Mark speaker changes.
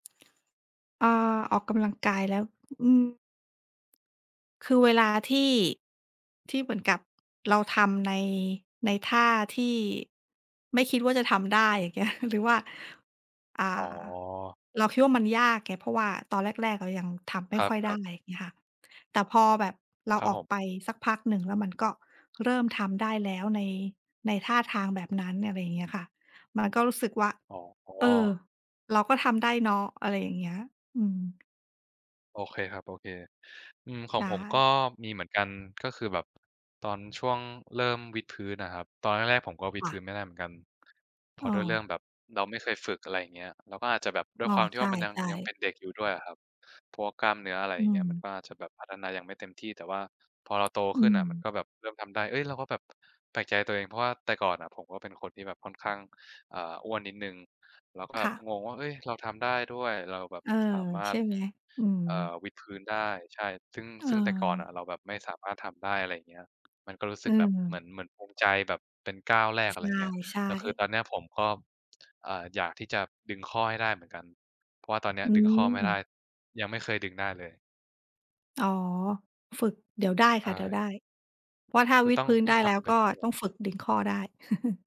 Speaker 1: อา ออกกำลังกายแล้ว อืม คือเวลาที่ ที่เหมือนกับเราทำใน ในท่าที่ ไม่คิดว่า จะทำได้ อย่าง เงี้ย หรือว่า อ่
Speaker 2: อ๋
Speaker 1: า
Speaker 2: อ
Speaker 1: เราคิดว่า มันยากไง เพราะว่าตอนแรก ๆ เรายังทำไม
Speaker 2: ค
Speaker 1: ่ค่อยได
Speaker 2: รั
Speaker 1: ้
Speaker 2: บ ๆ
Speaker 1: อย่างเงี้ยค่ะ แต่พอแบบเรา
Speaker 2: ครั
Speaker 1: อ
Speaker 2: บ
Speaker 1: อ
Speaker 2: ผ
Speaker 1: ก
Speaker 2: ม
Speaker 1: ไปสักพักหนึ่ง แล้วมันก็เริ่มทำได้แล้ว ใน ในท่าทางแบบนั้น อะไรอย่างเงี้ยค่ะ มันก็รู้สึกว่า
Speaker 2: อ๋
Speaker 1: เออ
Speaker 2: อ
Speaker 1: เราก็ทำได้เนาะ อะไรอย่างเงี้ย อืม
Speaker 2: โอเคครับ โอเค อืม ข
Speaker 1: ใ
Speaker 2: อ
Speaker 1: ช
Speaker 2: งผมก็
Speaker 1: ่
Speaker 2: มีเหมือนกัน ก็คือแบบตอนช่วงเริ่มวิดพื้นน่ะครับ ตอนแรก ๆ ผมก็วิ
Speaker 1: ค
Speaker 2: ด
Speaker 1: ่
Speaker 2: พื้
Speaker 1: ะ
Speaker 2: นไม่ได้เหมือนกัน เพรา
Speaker 1: อ
Speaker 2: ะ
Speaker 1: ้
Speaker 2: ด้วยเรื่อ
Speaker 1: อ
Speaker 2: งแบบเราไม่เคยฝึก อะไรอย่างเงี้ย เราก็อาจจะแบบ ด้
Speaker 1: อ
Speaker 2: วย
Speaker 1: ้อ
Speaker 2: ความที
Speaker 1: ใ
Speaker 2: ่
Speaker 1: ช
Speaker 2: ว
Speaker 1: ่
Speaker 2: ่า มันยัง
Speaker 1: ใช
Speaker 2: ยังเป
Speaker 1: ่
Speaker 2: ็นเด็กอยู่ด้วยอะครับ พวกกล้ามเนื้อ อะไร
Speaker 1: อ
Speaker 2: อ
Speaker 1: ื
Speaker 2: ย่างเงี้ย มัน
Speaker 1: ม
Speaker 2: ก็อาจจะแบบพัฒนายังไม่เต็มที่ แต่ว่าพอเราโต
Speaker 1: อื
Speaker 2: ขึ้นอะมัน
Speaker 1: ม
Speaker 2: ก็แบบเริ่มทำได้ เฮ้ย เราก็แบบแปลกใจตัวเอง เพราะว่าแต่ก่อนน่ะผมก็เป็นคนที่แบบค่อนข้าง อ่า อ้วนนิดหนึ่ง เราก็แอ
Speaker 1: ค่
Speaker 2: บ
Speaker 1: ะ
Speaker 2: งงว่า เฮ้ย เราทำได้ด้วย เราแบบ
Speaker 1: เออ
Speaker 2: สามา
Speaker 1: ใช
Speaker 2: รถ
Speaker 1: ่ไหม? อืม
Speaker 2: เอ่อ วิดพื้นได้ ใช่ ซึ่ง
Speaker 1: เ
Speaker 2: ซึ่งแต่ก่อน
Speaker 1: ออ
Speaker 2: น่ะเราแบบไม่สามารถทำได้ อะไรเงี้ย มันก็รู้ส
Speaker 1: เ
Speaker 2: ึกแบบเหมือ
Speaker 1: ออ
Speaker 2: น เหมือนภูมิใจ แบบเป็นก้าวแรก อะไรเงี้ย
Speaker 1: ใช่
Speaker 2: แต่คือ
Speaker 1: ๆ
Speaker 2: ตอนเนี้ยผมก็ อ่า อยากที่จะดึงข้อให้ได้เหมือนกัน เพราะว่าตอนเนี้ย
Speaker 1: อื
Speaker 2: ดึงข้อไม่ได้
Speaker 1: ม
Speaker 2: ยังไม่เคยดึงได้เลย
Speaker 1: อ๋อ ฝึก เดี๋ยวได้
Speaker 2: ใช
Speaker 1: ค่ะ เดี๋ยว
Speaker 2: ่
Speaker 1: ได้ เพราะว่าถ้า
Speaker 2: คื
Speaker 1: ว
Speaker 2: อ
Speaker 1: ิด
Speaker 2: ต้อง
Speaker 1: พื้น
Speaker 2: ต้
Speaker 1: ไ
Speaker 2: อ
Speaker 1: ด้
Speaker 2: งท
Speaker 1: แล้ว
Speaker 2: ำไป
Speaker 1: ก็
Speaker 2: เรื่
Speaker 1: ต
Speaker 2: อ
Speaker 1: ้
Speaker 2: ย ๆ
Speaker 1: องฝึกดึงข้อได้